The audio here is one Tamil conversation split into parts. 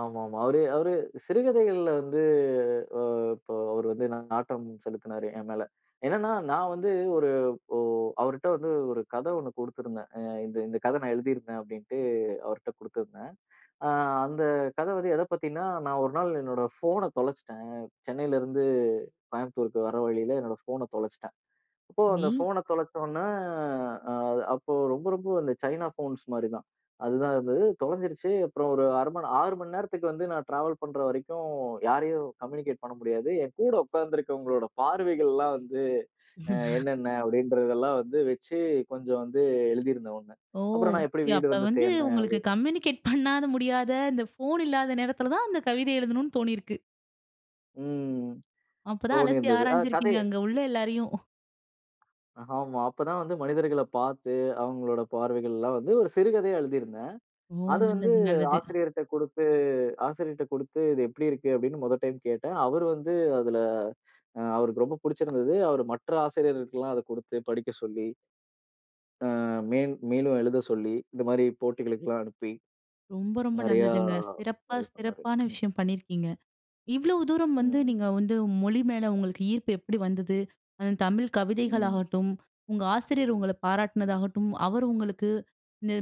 ஆமாமா. அவரு அவரு சிறுகதைகள்ல வந்து ஆ இப்ப அவரு வந்து நா நாட்டம் செலுத்தினாரு, என் மேல. என்னன்னா, நான் வந்து ஒரு ஒ அவருட்ட வந்து ஒரு கதை ஒண்ணு குடுத்திருந்தேன். "அ இந்த இந்த கதை நான் எழுதியிருக்கேன்." அப்பிடீன்னுட்டு அவர்ட்ட குடுத்திருந்தேன். ஆ அந்த கதை வந்து எதைப் பத்தின்னா, நான் ஒரு நாள் என்னோட ஃபோன தொலைச்சிட்டேன், சென்னையில இருந்து கோயம்புத்தூருக்கு வர வழியில என்னோட ஃபோன தொலைச்சிட்டேன். அப்போ நீ அந்த ஃபோன தொலைச்சோனே, அது அப்போ ரொம்ப, ரொம்ப அந்த சைனா போன்ஸ் மாரிதான். அதுதான் இருந்தது, தொலைஞ்சிருச்சு. அப்புறம் ஒரு அரைமண் 6 மணி நேரத்துக்கு வந்து, நான் டிராவல் பண்ற வரைக்கும், யாரையும் கம்யூனிகேட் பண்ண முடியாது. என் கூட உட்கார்ந்திருக்கிறவங்களோட பார்வைகள்லாம் வந்து, அ என்னென்ன. அப்படின்றதெல்லாம் வந்து வச்சு, கொஞ்சம் வந்து எழுதியிருந்தேன் ஒண்ணு. ஓ! அப்புறம் நான் எப்பிடி ய அப்ப வீடு வந்து வந்து, சேர்ந்தேன், உங்களுக்கு அப்படின்னு. கம்யூனிகேட் பண்ணாத முடியாத, இந்த ஃபோன் இல்லாத நேரத்தில தான், அந்த கவிதை எழுதனும்னு தோனியிருக்கு. ம். அப்போதான் அலசி தோனியிருந்தது ஆ கதை. ஆராய்ஞ்சிருக்கீங்க, அங்க உள்ள எல்லாரையும். ஆமா. அப்போதான் வந்து மனிதர்களப் பார்த்து, அவங்களுடைய பார்வைகள்லாம் வந்து ஒரு சிறுகதையா எழுதியிருந்தேன். ஓ! அதை வந்து நல்லது, நல்லது. ஆசிரியர்ட்ட குடுத்து ஆசிரியர்கிட்ட குடுத்து, "இது எப்படி இருக்கு?" அப்படினு முதல் டைம் கேட்டேன். அவரு வந்து அதில அவருக்கு ரொம்ப புடிச்சிருந்தது. அவர் மற்ற ஆசிரியர்களுக்குலாம் அதை குடுத்து, படிக்க சொல்லி ஆ மேன் மேலும் எழுத சொல்லி, இந்த மாரி போட்டிகளுக்கெல்லாம் அனுப்பி, ரொம்ப, ரொம்ப நிறைய நல்லதுங்க. சிறப்பா இது பண்ணாரு. சிறப்பான ம். விஷயம் பண்ணியிருக்கீங்க, இவ்வளோ தூரம் ம், வந்து, நீங்க ம். வந்து மொழி மேல உங்களுக்கு ஈர்ப்பு எப்பிடி வந்தது? அது தமிழ் ம். கவிதைகளாகட்டும், உங்க ஆசிரியர் உங்கள பாராட்டினதாகட்டும், அவரு உங்களுக்கு இந்த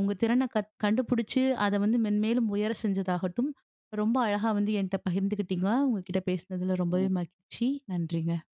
உங்க திறனைக் கத் கண்டுபுடிச்சு, அதை வந்து மென்மேலும் உயரச் செஞ்சதாகாட்டும், ரொம்ப அழகா வந்து என்ட்ட பகிர்ந்துக்கிட்டீங்க, உங்க கிட்ட பேசுனதில ரொம்பவே ம். மகிழ்ச்சி. நன்றிங்க.